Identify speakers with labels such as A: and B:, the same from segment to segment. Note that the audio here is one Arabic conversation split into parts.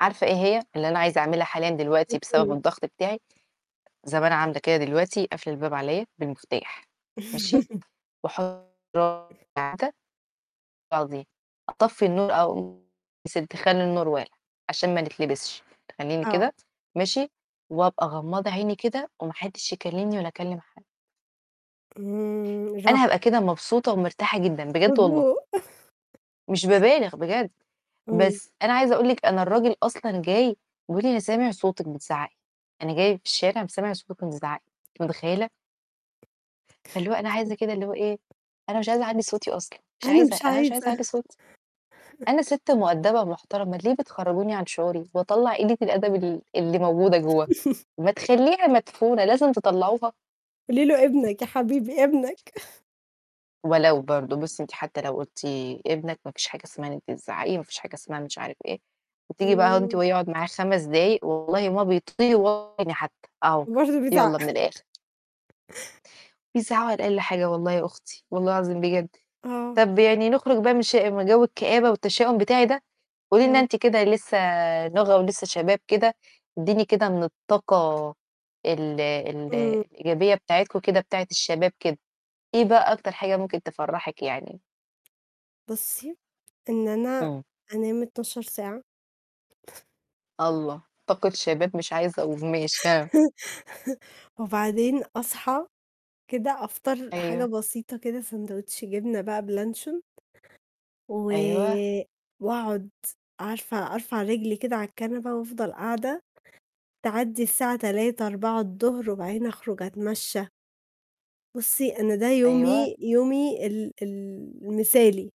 A: عارفة إيه هي اللي أنا عايزة اعملها حاليًا دلوقتي بسبب
B: [unintelligible]
A: الضغط بتاعي؟ زي ما أنا عاملة كده دلوقتي قافلة الباب عليّا بالمفتاح، ماشي؟ [unintelligible] آه دي أطفي النور أو يا سِتي خلّي النور والع عشان ما نتلبسش أمين
B: آه.
A: كده ماشي؟ وأبقى غمضة عيني كده وما حدش يكلمني ولا أكلم حد.
B: إمم
A: أنا هابقى
B: راحة.
A: كده مبسوطة ومرتاحة جدًا بجد والله.
B: مضبوط
A: مش بابالغ بجد،
B: إمم.
A: بس أنا عايزة أقول لِك أنا الراجل أصلًا جاي بيقُول لي:" أنا سامع صوتِك بتزعقي، أنا جاي في الشارع م سامع صوتِك وأنتِ بتزعقي،" أنتِ متخيلة؟ فاللي هو أنا عايزة كده اللي هو إيه؟ أنا مش عايزة أعلِّي صوتي أصلًا، مش
B: أنا
A: عايزة،
B: مش
A: أنا مش عايزة
B: عايزة.
A: أعلِّي صوتي، أنا سِت مؤدبة ومحترمة، ليه بتخرّجوني عن شعوري وأطلّع قِلّة الأدب ال اللي موجودة جوا؟ ما تخليها مدفونة لازم تطلعوها.
B: قُولِي له ابنك يا حبيبي، ابنك
A: ولو برضه بُصي أنتِ حتى لو قُلتِ ابنك ما فيش حاجة اسمها إن أنتِ تزعقي، ما فيش حاجة اسمها مش عارف إيه، وتيجي بقى أهو وأنتِ وهو
B: إمم.
A: يقعد معاك 5 دقايق والله ما بيطيقه و [unintelligible] حتى، أهو
B: برضه بيزعّق
A: يالّا من الآخر. بيزعقوا علي أقل حاجة والله يا أختي والله العظيم بجد،
B: آه.
A: طَب يعني نخرج بقى من ش من جو الكآبة والتشاؤم بتاعي ده، قُولي لنا
B: يالّا.
A: أنتِ كده لسه نوغة ولِسّه شباب كده، إدّيني كده من الطاقة ال ال
B: إمم.
A: الإيجابية بتاعتكم كده بتاعة الشباب كده، إيه بقى أكتر حاجة ممكن تفرّحِك يعني؟
B: بُصي، إن أنا
A: إمم.
B: أنام 12 ساعة
A: الله! طاقة شباب مش عايزة أقول ماشي ها؟
B: وبعدين أصحى كده أفطر حاجة
A: أيوه.
B: بسيطة كده sandwich جبنة بقى بلانشون، و
A: أيوه.
B: وأقعد عارفة أرفع رجلي كده على الكنبة وأفضل قاعدة، تعدّي الساعة 15:00 16:00 الضهر وبعدين أخرج أتمشى. بُصي أنا ده
A: أيوه.
B: يومي، يومي ال ال المثالي،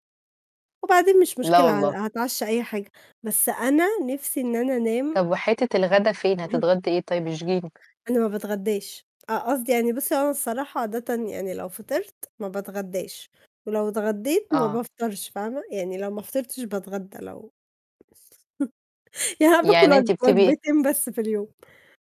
B: وبعدين مش
A: لا
B: مشكلة ه
A: والله.
B: هاتعشّى أي حاجة، بس أنا نِفْسي إن أنا أنام.
A: طَب وحتّة الغدا فين؟ هتتغدّي إيه طيب اشجيني؟
B: أنا ما باتغدّاش، أ قصدي يعني بُصي أنا الصراحة عادةً يعني لو فطرت ما باتغدّاش، ولو اتغديت ما
A: آه.
B: بافطرش، فاهمة؟ يعني لو ما فطرتش باتغدّى لو يعني أنا بآكل
A: يعني
B: وج
A: أنتِ بتبقي
B: وجبتين بس في اليوم.